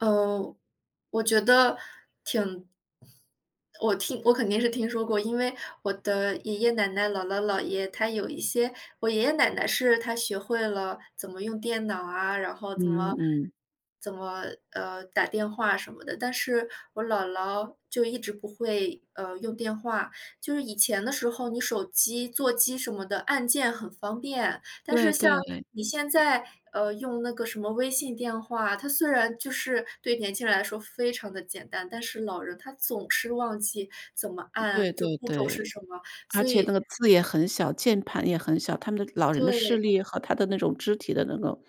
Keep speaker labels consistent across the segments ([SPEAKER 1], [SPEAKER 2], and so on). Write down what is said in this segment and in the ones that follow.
[SPEAKER 1] 呃，我觉得挺我听我肯定是听说过，因为我的爷爷奶奶、姥姥姥爷，他有一些我爷爷奶奶是他学会了怎么用电脑啊，然后怎
[SPEAKER 2] 嗯
[SPEAKER 1] 么
[SPEAKER 2] 嗯。
[SPEAKER 1] 怎么，呃，打电话什么的，但是我姥姥就一直不会，呃，用电话。就是以前的时候你手机、座机什么的按键很方便。但
[SPEAKER 2] 对，
[SPEAKER 1] 是像
[SPEAKER 2] 对。
[SPEAKER 1] 你现在，呃，用那个什么微信电话，它虽然就是对年轻人来说非常地简单，但是老人他总
[SPEAKER 2] 嗯
[SPEAKER 1] 是忘记怎么
[SPEAKER 2] 对
[SPEAKER 1] 按，就
[SPEAKER 2] 对
[SPEAKER 1] 步骤是
[SPEAKER 2] 对。
[SPEAKER 1] 什么，
[SPEAKER 2] 而
[SPEAKER 1] 所
[SPEAKER 2] 且那
[SPEAKER 1] 以
[SPEAKER 2] 个字也很小，键盘也很小，他们的老人的视
[SPEAKER 1] 对。
[SPEAKER 2] 力和他的那种肢体的那个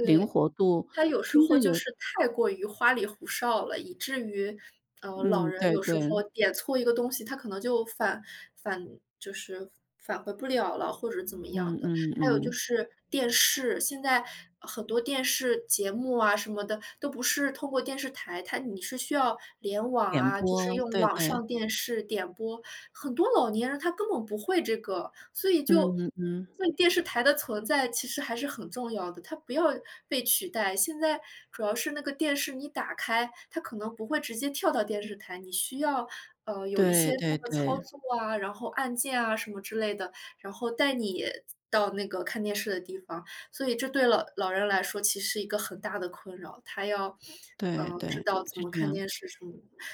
[SPEAKER 2] 灵活度
[SPEAKER 1] 他有时
[SPEAKER 2] 真
[SPEAKER 1] 候
[SPEAKER 2] 的
[SPEAKER 1] 就
[SPEAKER 2] 有
[SPEAKER 1] 是太过于花里胡哨了，以至于，呃，老
[SPEAKER 2] 嗯，
[SPEAKER 1] 人
[SPEAKER 2] 对
[SPEAKER 1] 有时
[SPEAKER 2] 对。
[SPEAKER 1] 候点错一个东西，他可能就返返就是返回不了了，或者是怎么
[SPEAKER 2] 嗯
[SPEAKER 1] 样的。
[SPEAKER 2] 嗯
[SPEAKER 1] 还有就
[SPEAKER 2] 嗯。
[SPEAKER 1] 是电视，现在很多电视节目啊，什么的，都不是透过电视台它你是需要联网
[SPEAKER 2] 点
[SPEAKER 1] 啊，就是
[SPEAKER 2] 播，
[SPEAKER 1] 用
[SPEAKER 2] 对
[SPEAKER 1] 网
[SPEAKER 2] 对。
[SPEAKER 1] 上电视点播，很多老年人他根本不会这个，所以
[SPEAKER 2] 嗯
[SPEAKER 1] 就
[SPEAKER 2] 嗯嗯。
[SPEAKER 1] 所以电视台的存在其实还是很重要的，它不要被取代。现在主要是那个电视你打开，它可能不会直接跳到电视台，你需要，呃，有一
[SPEAKER 2] 对
[SPEAKER 1] 些
[SPEAKER 2] 对
[SPEAKER 1] 那个操
[SPEAKER 2] 对。
[SPEAKER 1] 作啊，然后按键啊什么之类的，然后带你到那个看电视的地方，所以这对老老人来说其实是一个很大的困扰。他要，
[SPEAKER 2] 对
[SPEAKER 1] 呃，知
[SPEAKER 2] 对，
[SPEAKER 1] 道怎
[SPEAKER 2] 是
[SPEAKER 1] 么
[SPEAKER 2] 这
[SPEAKER 1] 看
[SPEAKER 2] 样。
[SPEAKER 1] 电视什么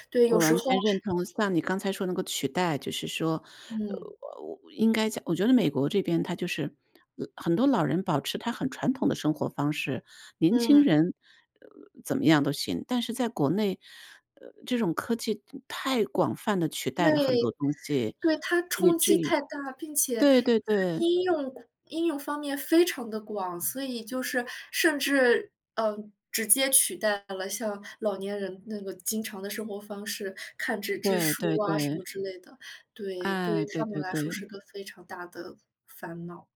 [SPEAKER 1] 对，有
[SPEAKER 2] 我
[SPEAKER 1] 时
[SPEAKER 2] 完
[SPEAKER 1] 候
[SPEAKER 2] 全认同像你刚才说那个取代，就是说，呃，
[SPEAKER 1] 嗯。
[SPEAKER 2] 我应该讲我觉得美国这边它就是，老很多老人保持他很传统的生活方式，年轻
[SPEAKER 1] 嗯。
[SPEAKER 2] 人，呃，怎么样都行，但是在国内，呃，这种科技太广泛地取
[SPEAKER 1] 对，
[SPEAKER 2] 代了很多东西，
[SPEAKER 1] 对，他
[SPEAKER 2] 以
[SPEAKER 1] 冲
[SPEAKER 2] 至
[SPEAKER 1] 击
[SPEAKER 2] 于
[SPEAKER 1] 太大，并且就
[SPEAKER 2] 对对
[SPEAKER 1] 是
[SPEAKER 2] 对。
[SPEAKER 1] 应用广应用方面非常地广，所以就是甚至，嗯，直接取代了像老年人那个经常的生活方式，看纸质
[SPEAKER 2] 对
[SPEAKER 1] 书
[SPEAKER 2] 对
[SPEAKER 1] 啊，什
[SPEAKER 2] 对。
[SPEAKER 1] 么之类的。对，对
[SPEAKER 2] 哎，
[SPEAKER 1] 于
[SPEAKER 2] 对
[SPEAKER 1] 他们
[SPEAKER 2] 对
[SPEAKER 1] 来说是
[SPEAKER 2] 对。
[SPEAKER 1] 个非常大的烦恼。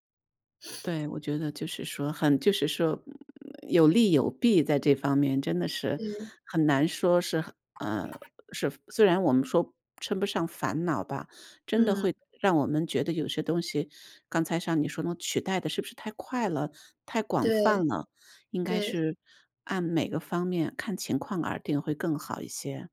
[SPEAKER 2] 对，我觉得就是说很就是说，嗯，有利有弊，在这方面真的是
[SPEAKER 1] 嗯。
[SPEAKER 2] 很难说是很，啊，是虽然我们说称不上烦恼吧，真的会
[SPEAKER 1] 嗯。
[SPEAKER 2] 让我们觉得有些东西，刚才像你说的取代得是不是太快了、太广泛
[SPEAKER 1] 对。
[SPEAKER 2] 了？应该
[SPEAKER 1] 对。
[SPEAKER 2] 是按每个方面看情况而定，会更好一些。